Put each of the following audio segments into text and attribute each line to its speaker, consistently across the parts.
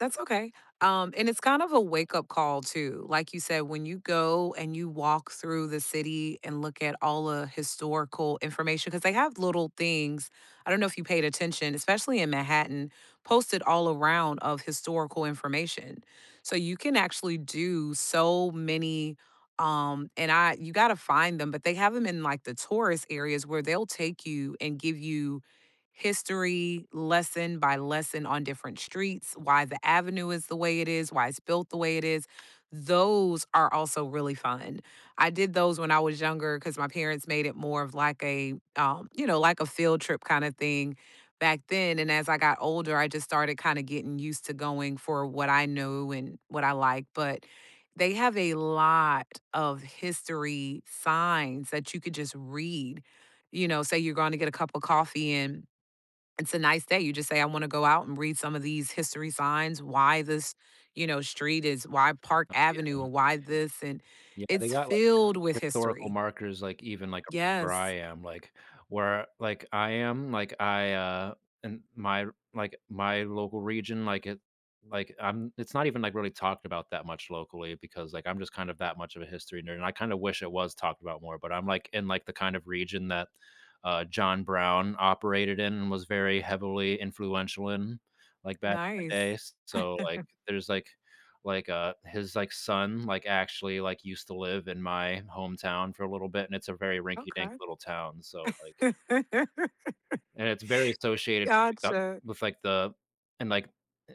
Speaker 1: That's okay, um, and it's kind of a wake up call too, like you said, when you go and you walk through the city and look at all a historical information 'cause they have little things, I don't know if you paid attention, especially in Manhattan, posted all around of historical information, so you can actually do so many, um and I you gotta find them, but they have 'em in, like, the tourist areas, where they'll take you, and give you history, lesson by lesson, on different streets, why the avenue is the way it is, why it's built the way it is. Those are also really fun. I did those when I was younger, 'cause my parents made it more of like a, um, you know, like a field trip kinda thing, back then, and, as I got older, I just started kinda getting used to going for what I knew, and what I like, but, they have a lot of history signs that you could just read. You know, say you're going to get a cup of coffee, and it's a nice day, you just say, "I wanna go out, and read some of these history signs, why this, you know, street is why Park
Speaker 2: Um,
Speaker 1: Avenue,
Speaker 2: yeah.
Speaker 1: or why this?" and,
Speaker 2: Yeah, they
Speaker 1: it's
Speaker 2: got, like,
Speaker 1: filled with
Speaker 2: historical
Speaker 1: history.
Speaker 2: markers, like, even, like, around where I
Speaker 1: Yes.
Speaker 2: am, like where, like, I am, like I, uh and my r like, my local region, like, it like, I'm it's not even, like, really talked about that much locally because, like, I'm just kind of that much of a history nerd, and I kinda wish it was talked about more, but I'm, like, in, like, the kind of region that, uh, John Brown operated in and was very heavily influential in, like, back in the
Speaker 1: Nice.
Speaker 2: days. So, like, there's, like like, uh, his, like, son, like, actually, like, used to live in my hometown for a little bit, and it's a very rinky dink
Speaker 1: Okay.
Speaker 2: little town, so, like
Speaker 1: Gotcha.
Speaker 2: And it's very associated [unintelligible]
Speaker 1: Gotcha.
Speaker 2: with, like, the and, like a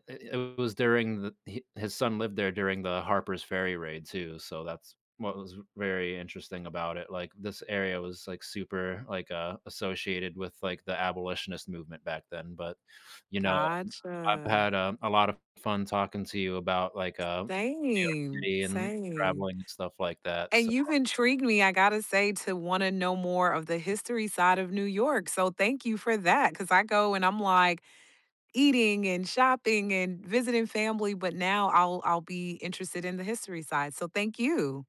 Speaker 2: and it was during the hi his son lived there during the Harper's Ferry raid too, so that's what was very interesting about it, like, this area was, like, super like, uh, associated with, like, the abolitionist movement back then, but, you know, I've
Speaker 1: Gotcha.
Speaker 2: had, um, a lot of fun talking to you about, like, um, New York
Speaker 1: Same,
Speaker 2: City and
Speaker 1: same.
Speaker 2: traveling and stuff like that,
Speaker 1: And you've
Speaker 2: so
Speaker 1: intrigued me, I gotta say, to wanna know more of the history side of New York, so thank you for that, 'cause I go, and I'm like, eating, and shopping, and visiting family, but now I'll I'll be interested in the history side, so, thank you.